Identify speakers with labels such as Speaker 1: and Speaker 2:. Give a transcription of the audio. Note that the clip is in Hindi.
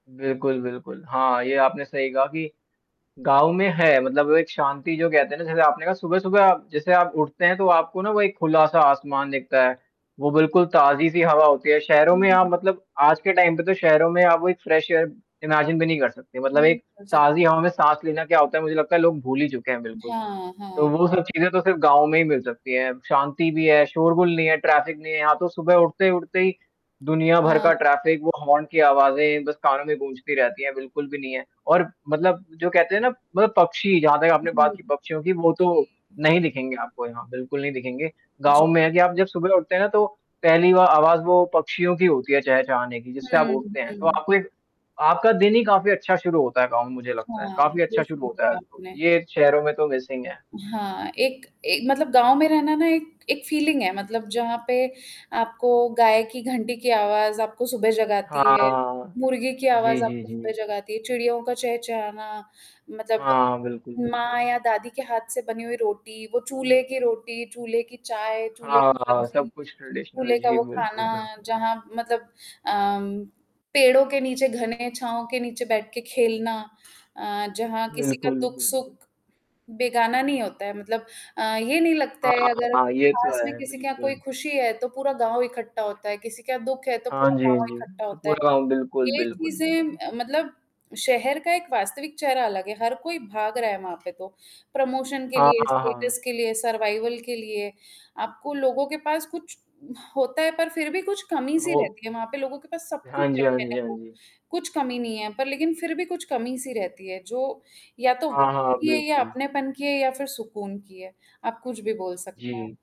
Speaker 1: बिल्कुल, बिल्कुल। हाँ, ये आपने सही कहा कि गाँव में है मतलब एक शांति जो कहते हैं ना जैसे आपने कहा सुबह-सुबह आप जैसे आप उठते हैं तो आपको ना वो एक खुला-सा आसमान दिखता है। वो बिल्कुल ताज़ी-सी हवा होती है शहरों
Speaker 2: हुँ,
Speaker 1: में
Speaker 2: हुँ,
Speaker 1: आप
Speaker 2: हुँ।
Speaker 1: मतलब आज के टाइम पे तो शहरों में आप वो एक फ्रेश एयर इमेजिन भी नहीं कर सकते मतलब
Speaker 2: नहीं
Speaker 1: एक
Speaker 2: कर सक
Speaker 1: ताज़ी हवा में साँस लेना क्या होता है मुझे लगता है लोग भूल ही चुके हैं बिल्कुल।
Speaker 2: हाँ,
Speaker 1: तो
Speaker 2: हाँ।
Speaker 1: वो सब चीज़ें तो सिर्फ़ गाँव में ही मिल सकती हैं। शांति भी है, शोर-गुल नहीं है, ट्रैफ़िक नहीं है यहाँ तो सुबह उठते-उठते ही दुनिया भर
Speaker 2: हाँ।
Speaker 1: का ट्रैफ़िक वो हॉर्न की आवाज़ें बस कानों में गूँजती रहती हैं बिल्कुल भी नहीं है और मतलब जो कहते हैं ना मतलब पक्षी जहाँ तक आपने
Speaker 2: जी।
Speaker 1: बात
Speaker 2: जी,
Speaker 1: की पक्षियों की वो तो
Speaker 2: जी।
Speaker 1: नहीं दिखेंगे आपको यहाँ बिल्कुल नहीं दिखेंगे।
Speaker 2: जी।
Speaker 1: गाँव में है कि आप जब सुबह उठते हैं ना तो पहली व आवाज़ वो पक्षियों की होती है चहचाने की जिससे आप
Speaker 2: हुँ,
Speaker 1: उठते हैं। तो
Speaker 2: हुँ।
Speaker 1: आपको एक आपका दिन ही काफ़ी अच्छा शुरू होता है गाँव में मुझे लगता है,
Speaker 2: हाँ,
Speaker 1: काफ़ी
Speaker 2: ये
Speaker 1: अच्छा शुरू
Speaker 2: सही
Speaker 1: होता है
Speaker 2: बोला आपने।
Speaker 1: ये शहरों में तो मिसिंग है।
Speaker 2: हाँ, एक ए मतलब गाँव में रहना ना एक एक फीलिंग है मतलब जहाँ पे आपको गाय की घंटी की आवाज़ आपको सुबह जगाती है।
Speaker 1: हाँ,
Speaker 2: मुर्गे की
Speaker 1: जी,
Speaker 2: आवाज़
Speaker 1: जी,
Speaker 2: आपको सुबह
Speaker 1: जी।
Speaker 2: जगाती है, चिड़ियों का चहचहाना मतलब
Speaker 1: हाँ, बिल्कुल, बिल्कुल।
Speaker 2: माँ या दादी के हाथ से बनी हुई रोटी, वो चूल्हे की रोटी, चूल्हे की चाय, चूल्हे
Speaker 1: हाँ,
Speaker 2: की
Speaker 1: हाँ,
Speaker 2: सब्ज़ी।
Speaker 1: सब कुछ ट्रेडिशनल
Speaker 2: चूल्हे का
Speaker 1: जी,
Speaker 2: वो
Speaker 1: बिल्कुल,
Speaker 2: खाना
Speaker 1: बिल्कुल।
Speaker 2: जहाँ मतलब अ, पेड़ों के नीचे घने छाँव के नीचे बैठ के खेलना अ, जहाँ किसी का
Speaker 1: बिल्कुल,
Speaker 2: दुःख-सुख।
Speaker 1: बिल्कुल।
Speaker 2: बेगाना नहीं होता है मतलब अ, ये नहीं लगता
Speaker 1: हाँ,
Speaker 2: है
Speaker 1: हाँ,
Speaker 2: अगर
Speaker 1: हाँ, ये तो
Speaker 2: पास में
Speaker 1: है।
Speaker 2: किसी का कोई
Speaker 1: बिल्कुल।
Speaker 2: खुशी है तो पूरा गाँव ही इकट्ठा होता है किसी का दुःख है तो
Speaker 1: हाँ
Speaker 2: पूरा
Speaker 1: जी, हाँ
Speaker 2: गाँव
Speaker 1: जी।
Speaker 2: इकट्ठा
Speaker 1: त
Speaker 2: होता है।
Speaker 1: पूरा गाँव बिल्कुल,
Speaker 2: ये
Speaker 1: बिल्कुल,
Speaker 2: चीज़ें
Speaker 1: बिल्कुल।
Speaker 2: अ, मतलब शहर का एक वास्तविक चेहरा अलग है, हर कोई भाग रहा है वहाँ पे तो। प्रमोशन के
Speaker 1: हाँ,
Speaker 2: लिए,
Speaker 1: हाँ, हाँ।
Speaker 2: स्टेटस के लिए, सर्वाइवल के लिए आपको लोगों के पास कुछ होता है पर फिर भी कुछ कमी-सी
Speaker 1: ओह!
Speaker 2: रहती है वहाँ पे लोगों के पास सब कुछ
Speaker 1: हाँ जी, हाँ जी, हाँ जी।
Speaker 2: [unintelligible] कुछ कमी नहीं है पर लेकिन फिर भी कुछ कमी-सी रहती है जो या तो
Speaker 1: हाँ,
Speaker 2: वक़्त
Speaker 1: हाँ,
Speaker 2: की है या
Speaker 1: बिल्कुल।
Speaker 2: अपनेपन की है या फिर सुकून की है। आप कुछ भी बोल सकते हैं।
Speaker 1: जी।